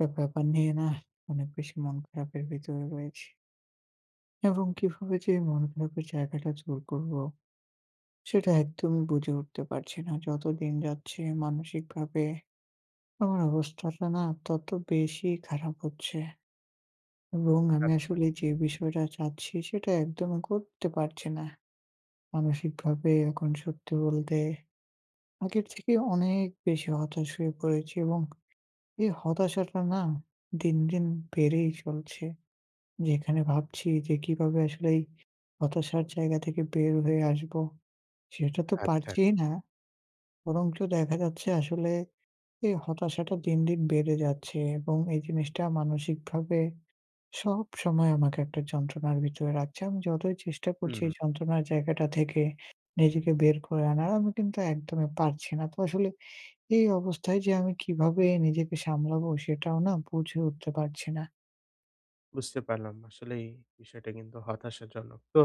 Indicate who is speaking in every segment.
Speaker 1: একটা ব্যাপার নিয়ে নাহ, অনেক বেশি মন খারাপের ভিতরে রয়েছি। এবং কিভাবে যে এই মনখারাপের জায়গাটা জোর করব। সেটা একদমই বুঝে উঠতে পারছি না। যত দিন যাচ্ছে মানসিকভাবে, আমার অবস্থাটা না, তত বেশি খারাপ হচ্ছে। এবং আমি
Speaker 2: আচ্ছা।
Speaker 1: আসলে যে, বিষয়টা চাচ্ছি সেটা একদমই করতে পারছি না। মানসিকভাবে এখন সত্যি বলতে। আগের থেকে অনেক বেশি হতাশ হয়ে পড়েছি এবং এ হতাশাটা না, দিন, দিন বেড়েই চলছে। যেখানে ভাবছি যে কিভাবে আসলে এই হতাশার জায়গা থেকে বের হয়ে আসব, সেটা তো
Speaker 2: আচ্ছা।
Speaker 1: পারছিই না। বরঞ্চ দেখা যাচ্ছে আসলে, এই হতাশাটা দিন, দিন বেড়ে যাচ্ছে এবং এই জিনিসটা মানসিকভাবে সবসময় আমাকে একটা যন্ত্রণার ভিতরে রাখছে আমি যতই চেষ্টা করছি এই
Speaker 2: হু।
Speaker 1: যন্ত্রণার জায়গাটা থেকে নিজেকে বের করে আনার আমি কিন্তু একদমই পারছি না তো আসলে এই অবস্থায় যে আমি কীভাবে নিজেকে সামলাবো সেটাও না বুঝে উঠতে পারছি না।
Speaker 2: বুঝতে পারলাম। আসলেই বিষয়টা কিন্তু হতাশাজনক। তো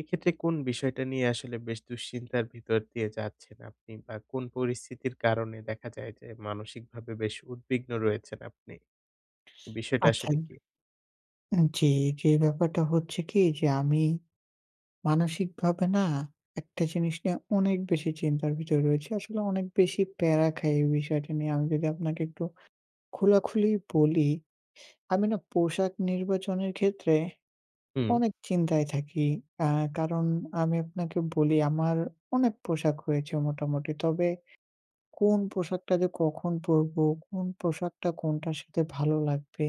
Speaker 2: এক্ষেত্রে কোন বিষয়টা নিয়ে আসলে বেশ দুশ্চিন্তার ভিতর দিয়ে যাচ্ছেন আপনি বা কোন পরিস্থিতির কারণে দেখা যায় যে মানসিকভাবে বেশ উদ্বিগ্ন রয়েছেন আপনি? বিষয়টা
Speaker 1: আচ্ছা।
Speaker 2: আসলে কী?
Speaker 1: জি, জি ব্যাপারটা হচ্ছে কি যে আমি। মানসিকভাবে না একটা জিনিস নিয়ে অনেক বেশি চিন্তার ভিতরে রয়েছি। আসলে অনেক বেশি পেড়া খাই। এই বিষয়টা নিয়ে আমি যদি আপনাকে একটু খোলাখুলি বলি। আমি না পোশাক নির্বাচনের ক্ষেত্রে
Speaker 2: হুম।
Speaker 1: অনেক চিন্তায় থাকি আ কারণ আমি আপনাকে বলি আমার অনেক পোশাক হয়েছে মোটামুটি। তবে কোন পোশাকটা যে কখন পরবো? কোন পোশাকটা কোনটার সাথে ভালো লাগবে?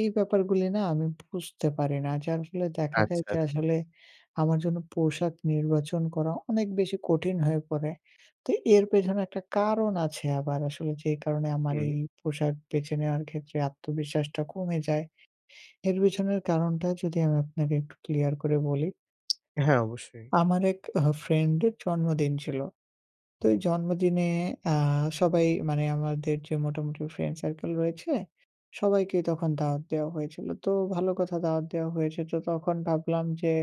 Speaker 1: এই ব্যাপারগুলি না আমি বুঝতে পারি না। যার ফলে দেখা যায়
Speaker 2: আচ্ছা,
Speaker 1: যে
Speaker 2: আচ্ছা।
Speaker 1: আসলে আমার জন্য পোশাক নির্বাচন করা অনেক বেশি কঠিন হয়ে পড়ে। তো এর পেছনে একটা কারণ আছে আবার আসলে যে কারণে আমার এই
Speaker 2: হুম।
Speaker 1: পোশাক বেছে নেওয়ার ক্ষেত্রে আত্মবিশ্বাসটা কমে যায়। এর পেছনের কারণটা যদি আমি আপনাকে একটু ক্লিয়ার করে বলি
Speaker 2: হ্যাঁ অবশ্যই।
Speaker 1: আমার এক এ ফ্রেন্ড এর জন্মদিন ছিল। তো জন্মদিনে আ সবাই মানে আমাদের যে মোটামুটি ফ্রেন্ড সার্কেল রয়েছে সবাইকেই তখন দাওয়াত দেওয়া হয়েছিল। তো ভালো কথা দাওয়াত দেওয়া হয়েছে। তো তখন ভাবলাম যে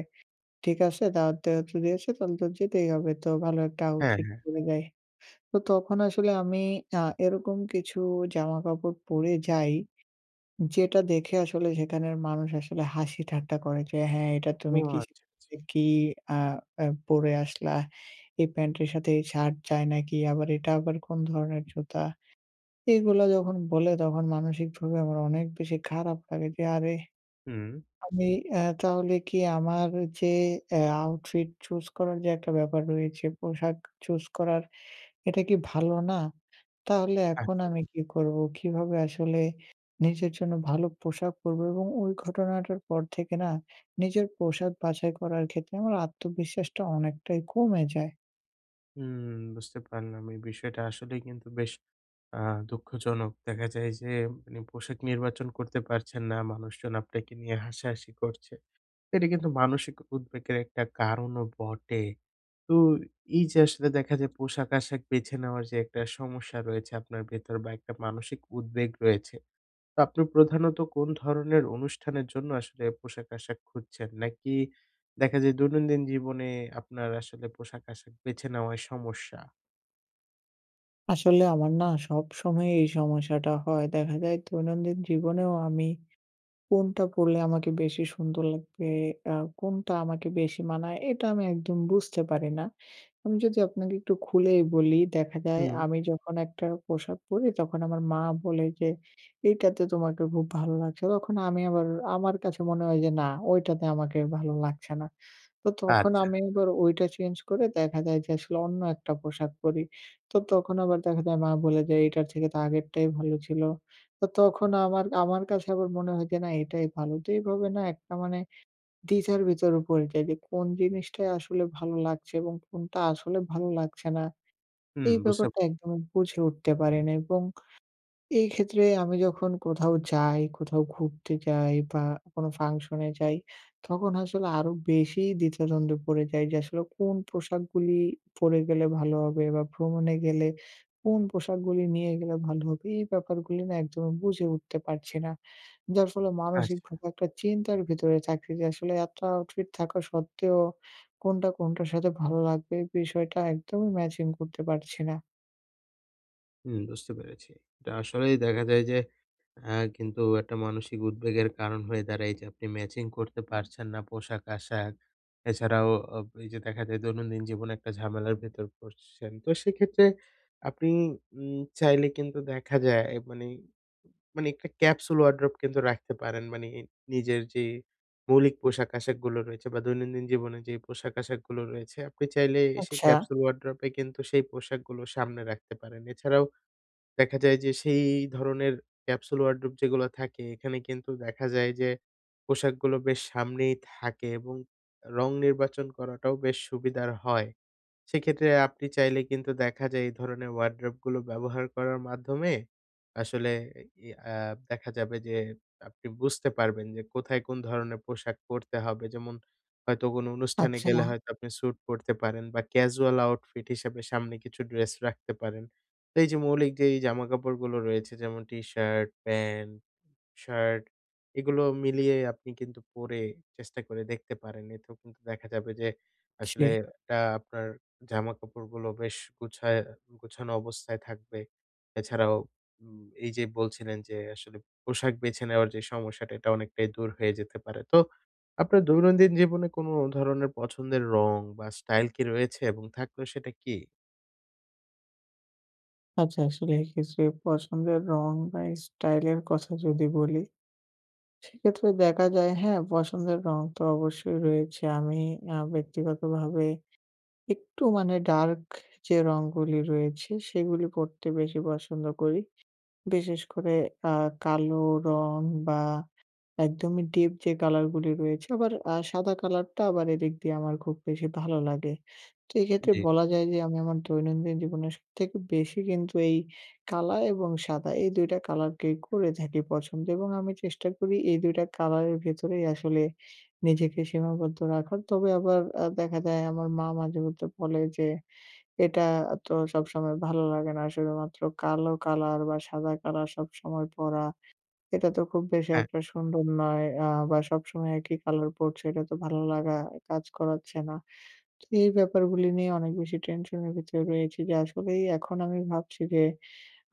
Speaker 1: ঠিক আছে দাওয়াত যেহেতু দিয়েছে তাহলে তো যেতেই হবে। তো ভালো একটা
Speaker 2: হ্যাঁ,
Speaker 1: আউটফিট
Speaker 2: হ্যাঁ।
Speaker 1: পড়ে যাই। তো তখন আসলে আমি আ এরকম কিছু জামাকাপড় পরে যাই। যেটা দেখে আসলে সেখানের মানুষ আসলে হাসি ঠাট্টা করে। "যে হ্যাঁ এটা
Speaker 2: ও
Speaker 1: তুমি
Speaker 2: আচ্ছা,
Speaker 1: কিস
Speaker 2: আচ্ছা।
Speaker 1: কি আ আ পরে আসলা? এই প্যান্টের সাথে এই শার্ট জায় নাকি? আবার এটা আবার কোন ধরনের জুতা?" এগুলা যখন বলে তখন মানসিকভাবে আমার অনেক বেশি খারাপ লাগে যে, "আরে
Speaker 2: হুম।
Speaker 1: আমি এ তাহলে কি আমার যে এ আউটফিট চুজ করার যে একটা ব্যাপার রয়েছে পোশাক চুজ করার এটা কি ভালো না? তাহলে
Speaker 2: আচ্ছা।
Speaker 1: এখন আমি কী করবো? কিভাবে আসলে নিজের জন্য ভালো পোশাক পরবো?" এবং ওই ঘটনাটার পর থেকে না? নিজের পোশাক বাছাই করার ক্ষেত্রে আমার আত্মবিশ্বাসটা অনেকটাই কমে যায়।
Speaker 2: হুম বুঝতে পারলাম এই বিষয়টা আসলেই কিন্তু বেশ আ দুঃখজনক। দেখা যায় যে মানে পোশাক নির্বাচন করতে পারছেন না। মানুষজন আপনাকে নিয়ে হাসাহাসি করছে। এটা কিন্তু মানসিক উদ্বেগের একটা কারণও বটে। তো এই যে আসলে দেখা যায় পোশাক আশাক বেছে নেওয়ার যে একটা সমস্যা রয়েছে আপনার ভেতর বা একটা মানসিক উদ্বেগ রয়েছে। তো আপনি প্রধানত কোন ধরনের অনুষ্ঠানের জন্য আসলে পোশাক আশাক খুঁজছেন? নাকি দেখা যায় দৈনন্দিন জীবনে আপনার আসলে পোশাক আশাক বেছে নেওয়াই সমস্যা?
Speaker 1: আসলে আমার না সবসময় এই সমস্যাটা হয়। দেখা যায় দৈনন্দিন জীবনেও আমি কোনটা পড়লে আমাকে বেশি সুন্দর লাগবে, আ কোনটা আমাকে বেশি মানায় এটা আমি একদম বুঝতে পারি না। আমি যদি আপনাকে একটু খুলেই বলি দেখা যায়
Speaker 2: হুম।
Speaker 1: আমি যখন একটা পোশাক পরি তখন আমার মা বলে যে এইটাতে তোমাকে খুব ভালো লাগছে। তখন আমি আবার আমার কাছে মনে হয় যে না, ওইটাতে আমাকে ভালো লাগছে না। তো তখন
Speaker 2: আচ্ছা।
Speaker 1: আমি আবার ঐটা চেঞ্জ করে দেখা যায় যে আসলে অন্য একটা পোশাক পরি। তো তখন আবার দেখা যায় মা বলে যে, "এইটার থেকে তো আগেরটাই ভালো ছিল।" তো তখন আমার আমার কাছে আবার মনে হয় যে না এটাই ভালো। তো এইভাবে না একটা মানে দ্বিধার ভিতরে পড়ে যাই যে কোন জিনিসটাই আসলে ভালো লাগছে এবং কোনটা আসলে ভালো লাগছে না।
Speaker 2: হুম
Speaker 1: এই
Speaker 2: বুঝতে
Speaker 1: ব্যাপারটা একদমই বুঝে উঠতে পারি না এবং এক্ষেত্রে আমি যখন কোথাও যাই, কোথাও ঘুরতে যাই বা কোনো ফাংশনে যাই তখন আসলে আরো বেশি দ্বিধাদ্বন্দ্বে পড়ে যাই যে আসলে কোন পোশাকগুলি পড়ে গেলে ভালো হবে বা ভ্রমণে গেলে কোন পোশাকগুলি নিয়ে গেলে ভালো হবে। এই ব্যাপারগুলি না একদমই বুঝে উঠতে পারছি না। যার ফলে মানসিক
Speaker 2: আচ্ছা।
Speaker 1: খুব একটা চিন্তার ভেতরে থাকছি যে আসলে এত আউটফিট থাকা সত্ত্বেও কোনটা কোনটার সাথে ভালো লাগবে এ বিষয়টা একদমই ম্যাচিং করতে পারছি না।
Speaker 2: হুম বুঝতে পেরেছি। এটা আসলেই দেখা যায় যে, আ কিন্তু একটা মানসিক উদ্বেগের কারণ হয়ে দাঁড়ায়। যে আপনি ম্যাচিং করতে পারছেন না পোশাক আশাক। এছাড়াও ও ও ওই যে দেখা যায় দৈনন্দিন জীবনে একটা ঝামেলার ভেতর পড়ছেন। তো সেক্ষেত্রে আপনি উম চাইলে কিন্তু দেখা যায় মানি মানি একটা ক্যাপসুল ওয়ারড্রোব কিন্তু রাখতে পারেন। মানি নিজের যে, মৌলিক পোশাক আশাক গুলো রয়েছে বা দৈনন্দিন জীবনের যে পোশাক আশাক গুলো রয়েছে। আপনি চাইলে সেই
Speaker 1: আচ্ছা।
Speaker 2: ক্যাপসুল ওয়ারড্রোব এ কিন্তু সেই পোশাকগুলো সামনে রাখতে পারেন। এছাড়াও, দেখা যায় যে সেই ধরনের ক্যাপসুল ওয়ারড্রোব যেগুলো থাকে। এখানে কিন্তু দেখা যায় যে, পোশাকগুলো বেশ সামনেই থাকে এবং রং নির্বাচন করাটাও বেশ সুবিধার হয়। সেক্ষেত্রে আপনি চাইলে কিন্তু দেখা যায়, এই ধরনের ওয়ারড্রোবগুলো ব্যবহার করার মাধ্যমে আসলে এ ই আ দেখা যাবে যে আপনি বুঝতে পারবেন যে কোথায় কোন ধরনের পোশাক পরতে হবে। যেমন হয়তো কোনো অনুষ্ঠানে
Speaker 1: আচ্ছা,
Speaker 2: গেলে
Speaker 1: না।
Speaker 2: হয়তো আপনি স্যুট পরতে পারেন বা ক্যাজুয়াল আউটফিট হিসাবে সামনে কিছু ড্রেস রাখতে পারেন। তো এই যে মৌলিক যেই জামাকাপড়গুলো রয়েছে যেমন টি শার্ট, প্যান্ট, শার্ট এগুলো মিলিয়ে আপনি কিন্তু পরে চেষ্টা করে দেখতে পারেন। এতেও কিন্তু দেখা যাবে যে, আসলে
Speaker 1: জি।
Speaker 2: এটা আপনার জামাকাপড়গুলো বেশ গোছা গোছানো অবস্থায় থাকবে। এছাড়াও, উম এই যে বলছিলেন যে আসলে পোশাক বেছে নেওয়ার যে সমস্যাটা এটা অনেকটাই দূর হয়ে যেতে পারে। তো আপনার দৈনন্দিন জীবনে কোন ধরনের পছন্দের রং বা স্টাইল কি রয়েছে এবং থাকলে সেটা কী?
Speaker 1: আচ্ছা আসলে এই ক্ষেত্রে পছন্দের রং বা স্টাইল এর কথা যদি বলি। সেক্ষেত্রে দেখা যায় হ্যাঁ পছন্দের রঙ তো অবশ্যই রয়েছে। আমি আ ব্যক্তিগতভাবে একটু মানে ডার্ক যে রঙগুলি রয়েছে সেগুলি পরতে বেশি পছন্দ করি। বিশেষ করে আ কালো রঙ বা একদমই ডিপ যে কালারগুলি রয়েছে আবার আ সাদা কালারটা আবার এদিক দিয়ে আমার খুব বেশি ভালো লাগে, তো এক্ষেত্রে
Speaker 2: জি।
Speaker 1: বলা যায় যে আমি আমার দৈনন্দিন জীবনের সবথেকে বেশি কিন্তু এই কালা এবং সাদা এই ২ টা কালারকেই করে থাকি পছন্দ এবং আমি চেষ্টা করি এই ২ টা কালারের ভেতরেই আসলে নিজেকে সীমাবদ্ধ রাখার। তবে আবার আ দেখা যায় আমার মা মাঝে মধ্যে বলে যে এটা তো সবসময় ভালো লাগে না শুধুমাত্র কালো কালার বা সাদা কালার সবসময় পরা। এটা তো খুব বেশি
Speaker 2: হ্যাঁ।
Speaker 1: একটা সুন্দর নয় আ বা সবসময় একই কালার পড়ছে এটা তো ভালো লাগা কাজ করাচ্ছে না। তো এই ব্যাপারগুলি নিয়ে অনেক বেশি টেনশন এর ভিতরে রয়েছি যে আসলেই এখন আমি ভাবছি যে,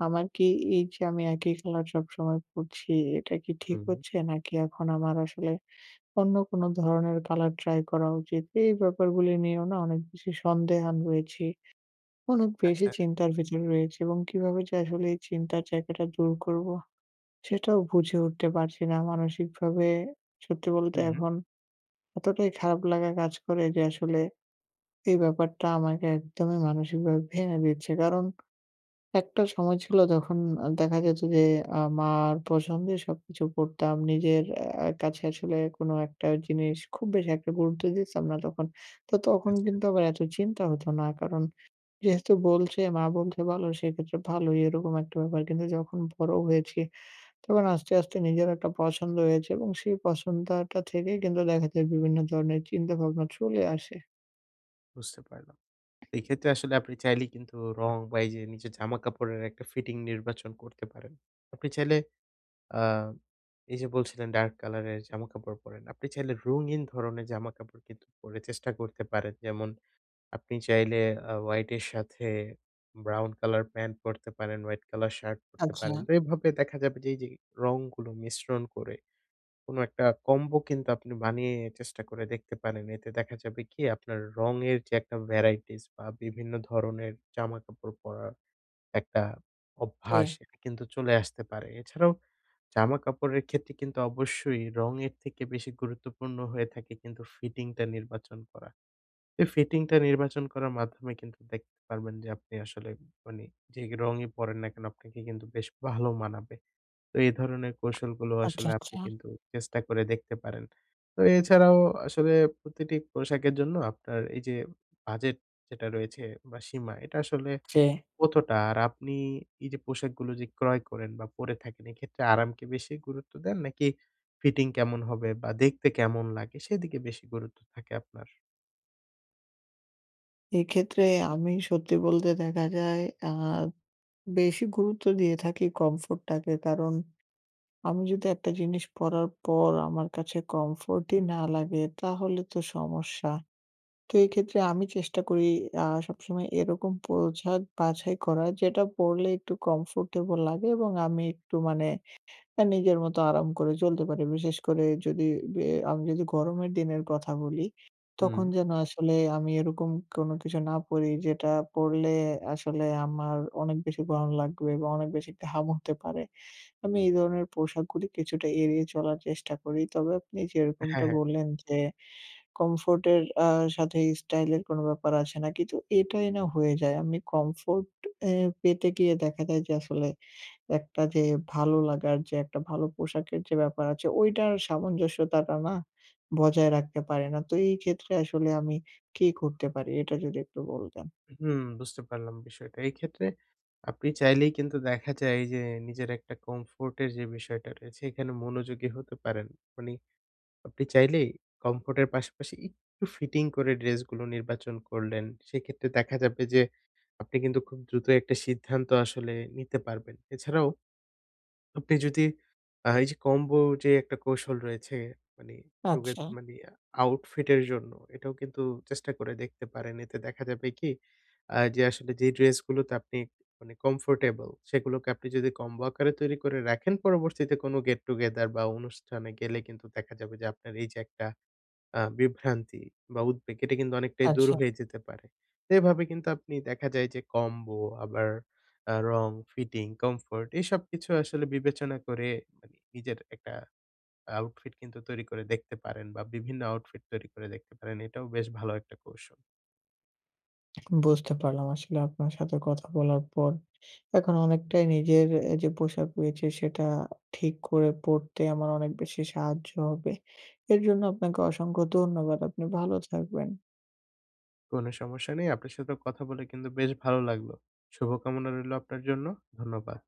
Speaker 1: "আমার কি এই যে আমি একই কালার সবসময় পড়ছি এটা কি ঠিক
Speaker 2: হুম, হুম।
Speaker 1: হচ্ছে? নাকি এখন আমার আসলে অন্য কোনো ধরনের কালার ট্রাই করা উচিত?" এই ব্যাপারগুলো নিয়েও না অনেক বেশি সন্দেহান রয়েছি। অনেক বেশি
Speaker 2: আচ্ছা।
Speaker 1: চিন্তার ভেতরে রয়েছি এবং কিভাবে যে আসলে এই চিন্তার জায়গাটা দূর করবো সেটাও বুঝে উঠতে পারছি না। মানসিকভাবে সত্যি বলতে
Speaker 2: হুম।
Speaker 1: এখন এতটাই খারাপ লাগা কাজ করে যে আসলে এই ব্যাপারটা আমাকে একদমই মানসিকভাবে ভেঙে দিচ্ছে। কারণ একটা সময় ছিল যখন দেখা যেত যে আ মার পছন্দে সবকিছু পরতাম। নিজের আ আ কাছে আসলে কোনো একটা জিনিস খুব বেশি একটা গুরুত্ব দিতাম না তখন। তো তখন
Speaker 2: আচ্ছা, আছ
Speaker 1: কিন্তু আবার এত চিন্তা হতো না কারণ যেহেতু বলছে মা বলছে ভালো সেক্ষেত্রে ভালোই এরকম একটা ব্যাপার। কিন্তু যখন বড় হয়েছি তখন আস্তে আস্তে, নিজের একটা পছন্দ হয়েছে এবং সেই পছন্দ আ টা থেকেই কিন্তু দেখা যায় বিভিন্ন ধরনের চিন্তাভাবনা চলে আসে।
Speaker 2: বুঝতে পারলাম। এই ক্ষেত্রে আসলে আপনি চাইলেই কিন্তু রং বা এই যে নিজের জামা কাপড়ের একটা ফিটিং নির্বাচন করতে পারেন। আপনি চাইলে আ এই যে বলছিলেন ডার্ক কালার এর জামা কাপড় পরেন। আপনি চাইলে রঙিন ধরনের জামাকাপড় কিন্তু পরে চেষ্টা করতে পারেন। যেমন আপনি চাইলে আ হোয়াইট এর সাথে ব্রাউন কালার প্যান্ট পরতে পারেন, হোয়াইট কালার শার্ট পড়তে
Speaker 1: আচ্ছা।
Speaker 2: পারেন। তো এভাবে দেখা যাবে যে এই যে রংগুলো মিশ্রণ করে কোন একটা কম্বো কিন্তু আপনি বানিয়ে চেষ্টা করে দেখতে পারেন। এতে দেখা যাবে কি আপনার রঙের যে একটা ভ্যারাইটিস বা বিভিন্ন ধরনের জামাকাপড় পরার একটা অভ্যাস
Speaker 1: জি।
Speaker 2: কিন্তু চলে আসতে পারে। এছাড়াও জামা কাপড়ের ক্ষেত্রে কিন্তু অবশ্যই রঙের থেকে বেশি গুরুত্বপূর্ণ হয়ে থাকে কিন্তু ফিটিংটা নির্বাচন করা। এই ফিটিংটা নির্বাচন করার মাধ্যমে কিন্তু দেখতে পারবেন যে আপনি আসলে মানে যে রংই পরেন না কেন আপনাকে কিন্তু বেশ ভালো মানাবে। তো এই ধরনের কৌশলগুলো
Speaker 1: আচ্ছা,
Speaker 2: আসলে আপনি
Speaker 1: আচ্ছা।
Speaker 2: কিন্তু চেষ্টা করে দেখতে পারেন। তো এছাড়াও আসলে প্রতিটি পোশাকের জন্য আপনার এই যে বাজেট যেটা রয়েছে বা সীমা এটা আসলে
Speaker 1: জি।
Speaker 2: কতটা? আর আপনি এই যে পোশাকগুলো যে ক্রয় করেন বা পরে থাকেন এক্ষেত্রে আরামকে বেশি গুরুত্ব দেন নাকি ফিটিং কেমন হবে? বা দেখতে কেমন লাগে? সেদিকে বেশি গুরুত্ব থাকে আপনার?
Speaker 1: এক্ষেত্রে আমি সত্যি বলতে দেখা যায়, আ বেশি গুরুত্ব দিয়ে থাকি কমফোর্টটাকে। কারণ, আমি যদি একটা জিনিস পড়ার পর আমার কাছে কমফোর্টই না লাগে, তাহলে তো সমস্যা। তো, এক্ষেত্রে আমি চেষ্টা করি আ সবসময় এরকম পোশাক বাছাই করা, যেটা পড়লে একটু কমফোর্টেবল লাগে এবং আমি একটু মানে আ নিজের মতো আরাম করে চলতে পারি। বিশেষ করে যদি বে আমি যদি গরমের দিনের কথা বলি, তখন
Speaker 2: হুম।
Speaker 1: যেন আসলে আমি এরকম কোনো কিছু না পড়ি, যেটা পড়লে আসলে আমার অনেক বেশি গরম লাগবে বা অনেক বেশি ঘাম হতে পারে। আমি এই ধরনের পোশাকগুলি কিছুটা এড়িয়ে চলার চেষ্টা করি। তবে আপনি
Speaker 2: হ্যাঁ,
Speaker 1: যেরকমটা
Speaker 2: হ্যাঁ।
Speaker 1: বললেন যে, কমফোর্ট এর আ সাথে স্টাইল এর কোনো ব্যাপার আসে না কি? তো, এটাই না হয়ে যায়, আমি কমফোর্ট এ পেতে গিয়ে দেখা যায় যে, আসলে একটা যে ভালো লাগার যে একটা ভালো পোশাকের যে ব্যাপার আছে, ঐটার সামঞ্জস্যতাটা না বজায় রাখতে পারি না। তো এই ক্ষেত্রে আসলে আমি কি করতে পারি এটা যদি একটু বলতেন?
Speaker 2: হুম, বুঝতে পারলাম বিষয়টা। এইক্ষেত্রে আপনি চাইলেই কিন্তু দেখা যায় যে, নিজের একটা কমফোর্টের যে বিষয়টা রয়েছে, এখানে মনোযোগী হতে পারেন। মানি, আপনি চাইলেই কমফোর্টের পাশাপাশি একটু ফিটিং করে ড্রেসগুলো নির্বাচন করলেন, সেক্ষেত্রে দেখা যাবে যে, আপনি কিন্তু খুব দ্রুত একটা সিদ্ধান্ত আসলে নিতে পারবেন। এছাড়াও আপনি যদি আ এই যে কম্বোর যে একটা কৌশল রয়েছে, মানে রোগের
Speaker 1: আচ্ছা।
Speaker 2: মানে আউটফিট এর জন্য, এটাও কিন্তু চেষ্টা করে দেখতে পারেন। এতে দেখা যাবে কি, আ যে আসলে যে ড্রেস গুলোতে আপনি মানে কমফোর্টেবল, সেগুলোকে আপনি যদি কম্বো আকারে তৈরি করে রাখেন, পরবর্তীতে কোনো গেট-টুগেদার বা অনুষ্ঠানে গেলে কিন্তু দেখা যাবে যে, আপনার এই যে একটা আ বিভ্রান্তি বা উদ্বেগ, এটা কিন্তু অনেকটাই দূর
Speaker 1: আচ্ছা।
Speaker 2: হয়ে যেতে পারে। এভাবে কিন্তু আপনি দেখা যায় যে, কম্বো আবার আ রং, ফিটিং, কমফোর্ট এসব কিছু আসলে বিবেচনা করে মানে নিজের একটা আউটফিট কিন্তু তৈরি করে দেখতে পারেন বা বিভিন্ন আউটফিট তৈরি করে দেখতে পারেন। এটাও বেশ ভালো একটা কৌশল।
Speaker 1: বুঝতে পারলাম। আসলে আপনার সাথে কথা বলার পর, এখন অনেকটাই নিজের এ যে পোশাক রয়েছে, সেটা ঠিক করে পড়তে আমার অনেক বেশি সাহায্য হবে। এর জন্য আপনাকে অসংখ্য ধন্যবাদ। আপনি ভালো থাকবেন।
Speaker 2: কোনো সমস্যা নেই। আপনার সাথেও কথা বলে কিন্তু বেশ ভালো লাগলো। শুভকামনা রইলো আপনার জন্য। ধন্যবাদ।